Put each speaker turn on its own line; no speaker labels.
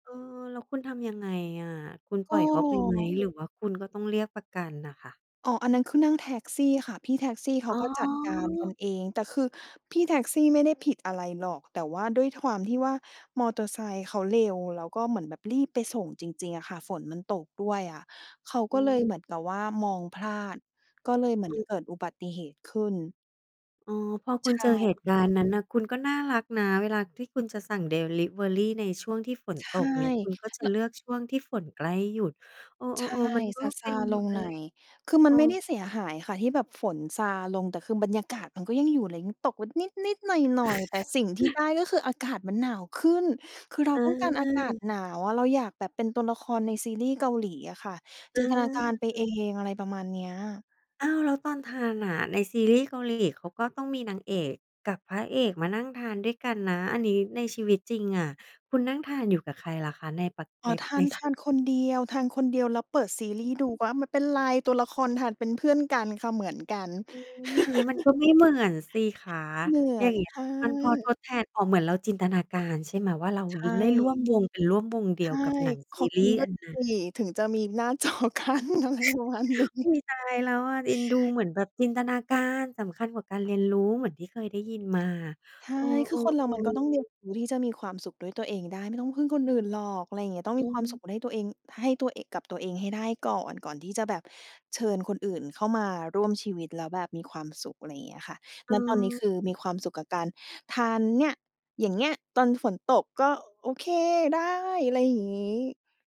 เออ แล้วคุณทำยังไงอะ คุณป
ก
ล่อยเขา ไปไหม
็
หรือว่าคุณก็ต้องเรียกประกันน่ะค่ะ?
อ๋อ อันนั้นคือนั่งแท็กซี่ค่ะ พี่แท็กซี่เข
อ
า
๋อ
ก็จัดการกันเอง แต่คือพี่แท็กซี่ไม่ได้ผิดอะไรหรอก แต่ว่า ท ด้วยความที่ว่ามอเตอร์ไซค์เขาเร็ว แล้วก็เหมือนแบบรีบไปส่งจริง ๆ อะค่ะ ฝนมันตกด้วยอะ เขา
อ
ก
ื
็เลยเ
ม
หมือน กับว่ามองพลาด ก็ เลยเหมื
อ
อน
ืม
เกิดอุบัติเหตุขึ้น
อ๋อ พอค
ใ
ุ
ช
ณเจอเหตุก
่
ารณ์ นั้นน่ะ คุณก็น่ารักนะ เวลาที่คุณจะสั่งดิลิเวอรีในช่วงที่ฝน
ใช
ต
่
กเนี่ย คุณก็จะ
แล้
เ
ว
ลือกช่วงที่ฝนใกล้หยุด เอ
ใช่
อ ๆ ๆ มันก็
ซ
เป็
า
น
ๆ ลง
อะ
หน
ไร
่อย คือ ม
เ
ั
อ
น
อ
ไม่ได้เสียหายค่ะ ที่แบบฝนซาลง แต่คือบรรยากาศมันก็ยังอยู่ ไรงี้ ตกแบบนิด ๆ หน่อย ๆ แต่สิ่งที่ได้ก็คืออากาศมันหนาวขึ้น คือเราต้องการอากาศ
อา
หนาวอะ เราอยากแบบเป็นตัวละครในซีรีส์เกาหลีอะค่ะ จ
อ
ินตนาการไปเอ
า
ง อะไรประมาณเนี้ย
อ้าว แล้วตอนทานน่ะ ในซีรีส์เกาหลีเขาก็ต้องมีนางเอกกับพระเอกมานั่งทานด้วยกันนะ อันนี้ในชีวิตจริงอะ คุณนั่งทานอยู่กับใครล่ะคะ? ในปัจ
อ๋
ใ
อ
น
ทา
ใน
น ทานคนเดียว ทานคนเดียวแล้วเปิดซีรีส์ดู ก็ อา ไม่เป็นไร ตัวละครทานเป็นเพื่อนกันค่ะ เหมือนกัน
อุ๊ย อย่างงี้มันก็ไม่เหมือนสิคะ
เหมื
อ
อ
ย่า
น
งเงี้ย
ค่ะ
มันพอทดแทน อ๋อ เหมือนเราจินตนาการใช่ไหม ว่าเรา
ใช
ร
่
ได้ร่วม วง เป็นร่วมวงเดี
ใช
ยว
่
กับหนัง
ข
ซี
อ
ร
ก
ี
ิน
ส์
ด้ว
อั
ย
นนั้น
สิ ถึงจะมีหน้า จอกั้น อะไรประมาณนี้
อุ๊ย ตายแล้วอะ เอ็นดู เหมือนแบบจินตนาการสำคัญกว่าการเรียนรู้ เหมือนที่เคยได้ยินมา
ใช่
เออ
คือคนเรามันก็
ๆ
ต้องเรีย
ๆ
นรู้ที่จะมีความสุขด้วยตัวเองได้ ไม่ต้องพึ่งคนอื่นหรอก อะไรอย่างเงี้ย ต้อง
อื
มีความสุ
ม
ขได้ตัวเอง ให้ตัวเอง กับตัวเองให้ได้ก่อน ก่อนที่จะแบบเชิญคนอื่นเข้ามาร่วมชีวิต แล้วแบบมีความสุข อะไรอย่างเงี้ยค่ะ
เ
ณ ตอนนี้คือ
ออ
มีความสุขกับการทานเนี่ย อย่างเงี้ย ตอนฝนตกก็ โอเค ได้ อะไรอย่างงี้